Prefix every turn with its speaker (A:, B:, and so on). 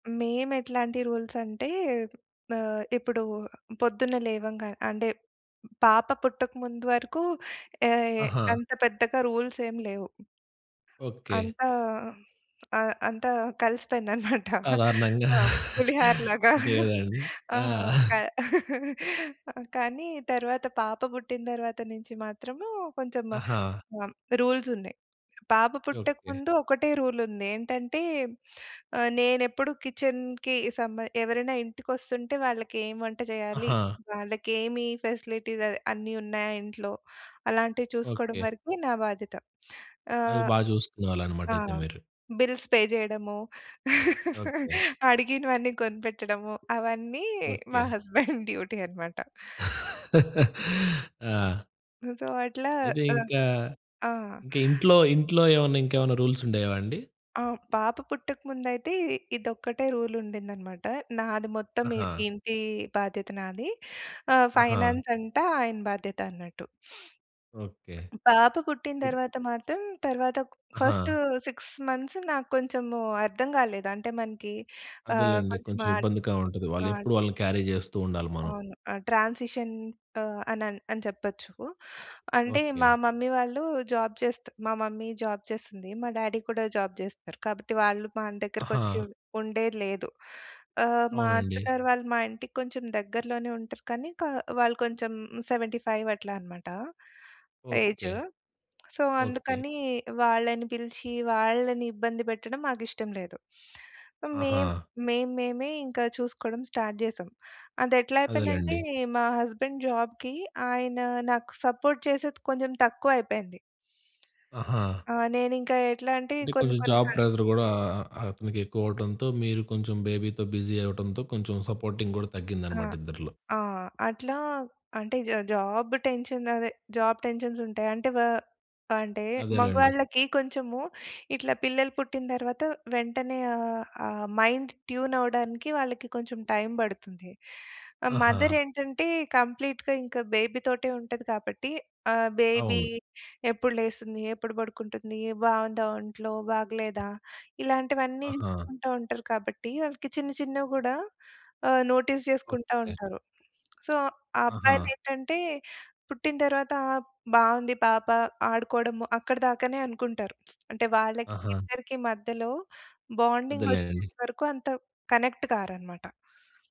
A: మేము ఎట్లాంటి రూల్స్ అంటే, ఆహ్, ఇప్పుడు పొద్దున్నే లేవంగానే అంటే పాప పుట్టక ముందు వరకు యాయ్
B: ఆహా!
A: అంత పెద్దగా రూల్సేం లేవు.
B: ఓకె.
A: అంతా ఆహ్, అంతా కలిసిపోయిందనమాట.
B: సాధారణంగా.
A: ఆ! పులిహర‌లాగా.
B: అంతే కదండి.
A: ఆ!
B: ఆ!
A: క ఆ! కానీ తరువాత పాప బుట్టిన తరువాత నుంచి మాత్రము కొంచెం ఆహ్,
B: ఆహా!
A: హ్మ్. రూల్సున్నాయి. పాప పుట్టక
B: ఓకె.
A: ముందు ఒకటే రూల్ ఉంది. ఏంటంటే ఆహ్, నేనెప్పుడు కిచెన్‌కి సంబ ఎవరైనా ఇంటికొస్తుంటే వాళ్ళకేం వంట చేయాలి?
B: ఆహా!
A: వాళ్ళకి ఏమి ఫెసిలిటీస్ అవి అన్నీ ఉన్నాయా ఇంట్లో? అలాంటివి చూసుకోవడం
B: ఓకె.
A: వరకే నా బాధ్యత.
B: అవి
A: ఆహ్,
B: బా జూసుకునే వాళ్ళనమాట
A: ఆ!
B: అయితే మీరు?
A: బిల్స్ పే జేయడము,
B: ఓకె.
A: అడిగినవన్నీ కొనిపెట్టడము, అవన్నీ మా
B: ఓకె.
A: హస్బెండ్ డ్యూటీ అనమాట.
B: ఆ!
A: సో అట్లా
B: అయితే
A: ఆ!
B: ఇంకా,
A: ఆ!
B: ఇంకా ఇంట్లో, ఇంట్లో ఏవన్నా ఇంకేవన్నా రూల్స్ ఉండేవా అండి?
A: ఆహ్, హ్మ్, పాప పుట్టక ముందయితే ఇదొక్కటే రూల్ ఉండిందనమాట. నాది మొత్తమి
B: ఆహా!
A: ఇంటి బాధ్యత నాది. ఆ!
B: ఆహా!
A: ఫైనాన్స్ అంట ఆయన బాధ్యత అన్నట్టు.
B: ఓకె.
A: పాప పుట్టిన
B: ఇది
A: తరువాత మాత్రం తరువాత ఒక ఫస్ట్
B: ఆహా!
A: 6 మంత్స్ నాకు కొంచెము అర్థం గాలేదు. అంటే మనకి ఆహ్,
B: అదేలెండి.
A: కొంచెం
B: కొంచెం
A: మాట్
B: ఇబ్బందిగా ఉంటది.
A: ఆడ్
B: వాళ్ళెప్పుడు వాళ్ళని క్యారీ జేస్తూ ఉండాలి మనం.
A: అవును. ఆ! ట్రాన్సిషన్ ఆహ్, అనన్ అని చెప్పొచ్చు. అంటే మా
B: ఓకె.
A: మమ్మీ వాళ్ళు జాబు చేస్తూ మా మమ్మీ జాబు చేస్తుంది. మా డ్యాడీ కూడా జాబు జేస్తారు. కాబట్టి వాళ్ళు మన దగ్గరకి వచ్చి
B: ఆహా!
A: ఉం ఉండేది లేదు. ఆహ్, మా
B: అవునండి.
A: అత్తగారు వాళ్ళు మా ఇంటికి కొంచెం దగ్గరలోనే ఉంటారు. కానీ కా వాళ్ళు కొంచెం 75 అట్లా అనమాట.
B: ఓకె.
A: Age so
B: okay.
A: అందుకని వాళ్ళని పిలిచి వాళ్ళని ఇబ్బంది పెట్టడం మాకిష్టం లేదు. మేం
B: ఆహా!
A: మేము మేమే ఇంకా చూసుకోవడం స్టార్ట్ జేశాం. అదెట్లా అయిపోయిందంటే,
B: అదేలెండి.
A: మా హస్బెండ్ జాబుకి, ఆయన నాకు సపోర్ట్ చేసేది కొంచెం తక్కువయిపోయింది.
B: ఆహా!
A: ఆ! నేనింకా ఎట్లా అంటే,
B: అంటే
A: కొన్ని
B: కొంచెం
A: కొన్ని
B: జాబ్
A: సార్లు
B: ప్రెషర్ గూడా అ అతనికి ఎక్కువ అవటంతో, మీరు కొంచెం బేబీ‌తో బిజీ అవ్వడంతో, కొంచెం సపోర్టింగ్ గూడా
A: ఆ!
B: తగ్గిందనమాట ఇద్దరిలో.
A: ఆ! అట్లా అంటే జా జాబు టెన్షన్ అదే జాబు టెన్షన్స్ ఉంటాయి. అంటే వా అంటే
B: అదేలెండి.
A: మగవాళ్ళకి కొంచెము ఇట్లా పిల్లలు పుట్టిన తర్వాత వెంటనే ఆహ్, ఆ మైండ్ ట్యూన్ అవ్వడానికి వాళ్ళకి కొంచెం టైం బడుతుంది. ఆ
B: ఆహా!
A: మదరేంటంటే కంప్లీట్‌గా ఇంకా బేబీతోటే ఉంటది కాబట్టి ఆ బేబీ
B: అవును.
A: ఎప్పుడు లేస్తుంది? ఎప్పుడు పడుకుంటుంది? బావుందా ఒంట్లో? బాగలేదా? ఇలాంటివన్నీ,
B: ఆహా!
A: చూసుకుంటూ ఉంటారు కాబట్టి వాళ్ళకి చిన్న చిన్నవి గూడా ఆహ్, నోటీస్ జేసుకుంటా
B: ఓకె.
A: ఉంటారు. సో
B: ఆహా!
A: అబ్బాయిలు ఏంటంటే, పుట్టిన తరువాత ఆప్ బావుంది పాప. ఆడుకోవడము, అక్కడిదాకనే అనుకుంటారు. అంటే వాళ్ళకి
B: ఆహా!
A: ఇద్దరికి మధ్యలో బాండింగ్ వచ్చే
B: అదేలేండి.
A: వరకు అంత కనెక్ట్ కారనమాట.